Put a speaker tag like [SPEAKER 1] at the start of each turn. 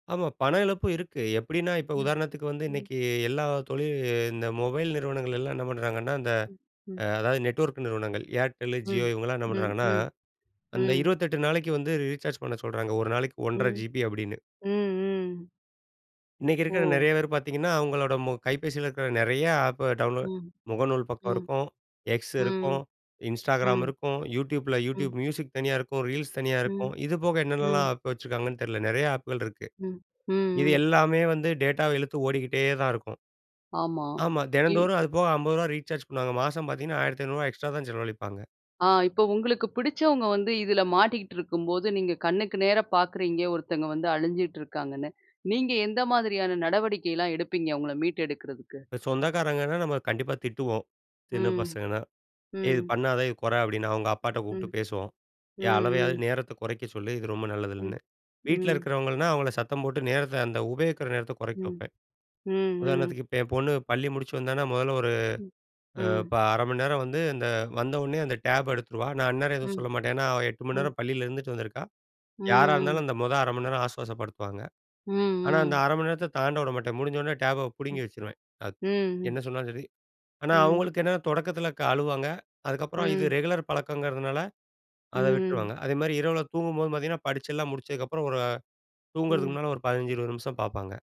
[SPEAKER 1] ஆமா. பணம் இழப்பும் இருக்கு. எப்படின்னா, இப்ப
[SPEAKER 2] ம்,
[SPEAKER 1] உதாரணத்துக்கு வந்து
[SPEAKER 2] ம்.
[SPEAKER 1] இன்னைக்கு எல்லா தொழில் இந்த மொபைல் நிறுவனங்கள் எல்லாம் என்ன பண்ணுறாங்கன்னா, இந்த
[SPEAKER 2] ம், ம்.
[SPEAKER 1] அதாவது நெட்வொர்க் நிறுவனங்கள் Airtel, Jio
[SPEAKER 2] ம்.
[SPEAKER 1] இவங்கலாம் என்ன
[SPEAKER 2] ம்,
[SPEAKER 1] பண்ணுறாங்கன்னா,
[SPEAKER 2] ம்.
[SPEAKER 1] அந்த
[SPEAKER 2] ம்.
[SPEAKER 1] 28 நாளைக்கு வந்து ரீசார்ஜ் பண்ண சொல்றாங்க, ஒரு நாளைக்கு 1 1/2
[SPEAKER 2] ம்.
[SPEAKER 1] ஜிபி அப்படின்னு.
[SPEAKER 2] ம், ம்.
[SPEAKER 1] இன்னைக்கு இருக்குற நெறைய
[SPEAKER 2] ஓ.
[SPEAKER 1] பேர் பார்த்தீங்கன்னா, அவங்களோட மொ கைபேசியில இருக்கிற நெறைய ஆப்ப டவுன்லோட்
[SPEAKER 2] ம்.
[SPEAKER 1] முகநூல் பக்கம்
[SPEAKER 2] ம்.
[SPEAKER 1] இருக்கும், X இருக்கும்,
[SPEAKER 2] ம்.
[SPEAKER 1] Instagram
[SPEAKER 2] ம்.
[SPEAKER 1] இருக்கும், YouTubeல
[SPEAKER 2] ம்.
[SPEAKER 1] YouTube Music தனியா இருக்கும், ரீல்ஸ் தனியா இருக்கும்.
[SPEAKER 2] ம்,
[SPEAKER 1] இது போக என்னென்னலாம்
[SPEAKER 2] ம்.
[SPEAKER 1] ஆப் வச்சுருக்காங்கன்னு தெரில. நெறைய ஆப்புகள் இருக்கு.
[SPEAKER 2] ம். ம்,
[SPEAKER 1] இது
[SPEAKER 2] ம்.
[SPEAKER 1] எல்லாமே வந்து டேட்டாவ இழுத்து ஓடிக்கிட்டே தான் இருக்கும்.
[SPEAKER 2] ஆமா.
[SPEAKER 1] ஆமா.
[SPEAKER 2] இவ்
[SPEAKER 1] தினந்தோறும் அது போக ரூ. 50 ரீசார்ஜ் பண்ணுவாங்க. மாசம் பார்த்தீங்கன்னா, ரூ. 1500 எக்ஸ்ட்ரா தான் செலவழிப்பாங்க.
[SPEAKER 2] ஆ இப்ப உங்களுக்கு பிடிச்சவங்க வந்து இதுல மாட்டிக்குட்டு இருக்கும்போது, நீங்க கண்ணுக்கு நேரா பார்க்குறீங்க, ஒருத்தங்க வந்து அழிஞ்சிட்டு இருக்காங்கன்னு. நீங்க எந்த மாதிரியான நடவடிக்கைலாம் எடுப்பீங்க, அவுங்கள மீட்டு எடுக்குறதுக்கு?
[SPEAKER 1] சொந்தக்காரங்கன்னா, நம்ம கண்டிப்பா திட்டுவோம், சின்ன
[SPEAKER 2] ம்.
[SPEAKER 1] பசங்கன்னா. "இது
[SPEAKER 2] ம்.
[SPEAKER 1] பண்ணாத, இது கொற" அப்படின்னு அவங்க அப்பாட்ட கூப்புட்டு
[SPEAKER 2] ம்.
[SPEAKER 1] பேசுவோம்.
[SPEAKER 2] ம்,
[SPEAKER 1] ஏ! அளவையாவது
[SPEAKER 2] ம்.
[SPEAKER 1] நேரத்த குறைக்க சொல்லு. இது ரொம்ப
[SPEAKER 2] ம்.
[SPEAKER 1] நல்லதில்லன்னு. வீட்ல
[SPEAKER 2] ம்.
[SPEAKER 1] இருக்கிறவங்கள்ன்னா, அவங்கள சத்தம் போட்டு நேரத்த அந்த உபயோகிக்கிற நேரத்த கொறைக்க
[SPEAKER 2] ம்.
[SPEAKER 1] வைப்பேன்.
[SPEAKER 2] ம், ம்.
[SPEAKER 1] உதாரணத்துக்கு இப்ப என் பொண்ணு பள்ளி முடிச்சு வந்தான்னா, முதல்ல ஒரு
[SPEAKER 2] ம்.
[SPEAKER 1] அ
[SPEAKER 2] ம்.
[SPEAKER 1] இப்ப 0:30 மணி நேரம் வந்து, இந்த வந்த ஒன்னே அந்த டேப எடுத்துருவா. நான் அந்நேரம் எதுவும்
[SPEAKER 2] ம்.
[SPEAKER 1] சொல்ல மாட்டேன். ஏன்னா, அவ 8 மணி
[SPEAKER 2] ம்.
[SPEAKER 1] நேரம் பள்ளியில இருந்துட்டு வந்துருக்கா. யாரா
[SPEAKER 2] ம், ம்.
[SPEAKER 1] இருந்தாலும் அந்த மொத 0:30 மணி நேரம் ஆசுவாசப்படுத்துவாங்க.
[SPEAKER 2] ம்,
[SPEAKER 1] ஆனா, அந்த
[SPEAKER 2] ம்.
[SPEAKER 1] 0:30 மணி நேரத்த தாண்ட விட மாட்டேன். முடிஞ்சோன்ன டேப
[SPEAKER 2] ம்.
[SPEAKER 1] புடுங்கி வச்சுருவேன்.
[SPEAKER 2] ம்,
[SPEAKER 1] [unintelligible] என்ன
[SPEAKER 2] ம்.
[SPEAKER 1] சொன்னாலும் சரி. ஆனா
[SPEAKER 2] ம்.
[SPEAKER 1] அவுங்களுக்கு என்னன்னா, தொடக்கத்தில க் அழுவாங்க. அதுக்கப்புறம் இது
[SPEAKER 2] ம்.
[SPEAKER 1] ரெகுலர் பழக்கங்கிறதுனால, அத
[SPEAKER 2] ம்.
[SPEAKER 1] விட்டுருவாங்க. அதேமாரி இரவுல தூங்கும்போதும் பார்த்தீங்கன்னா, படிச்செல்லாம் முடிச்சதுக்கப்புறம், ஒரு அ
[SPEAKER 2] ம்.
[SPEAKER 1] தூங்குறதுக்கு முன்னால ஒரு 15, 20 நிமிஷம் பார்ப்பாங்க.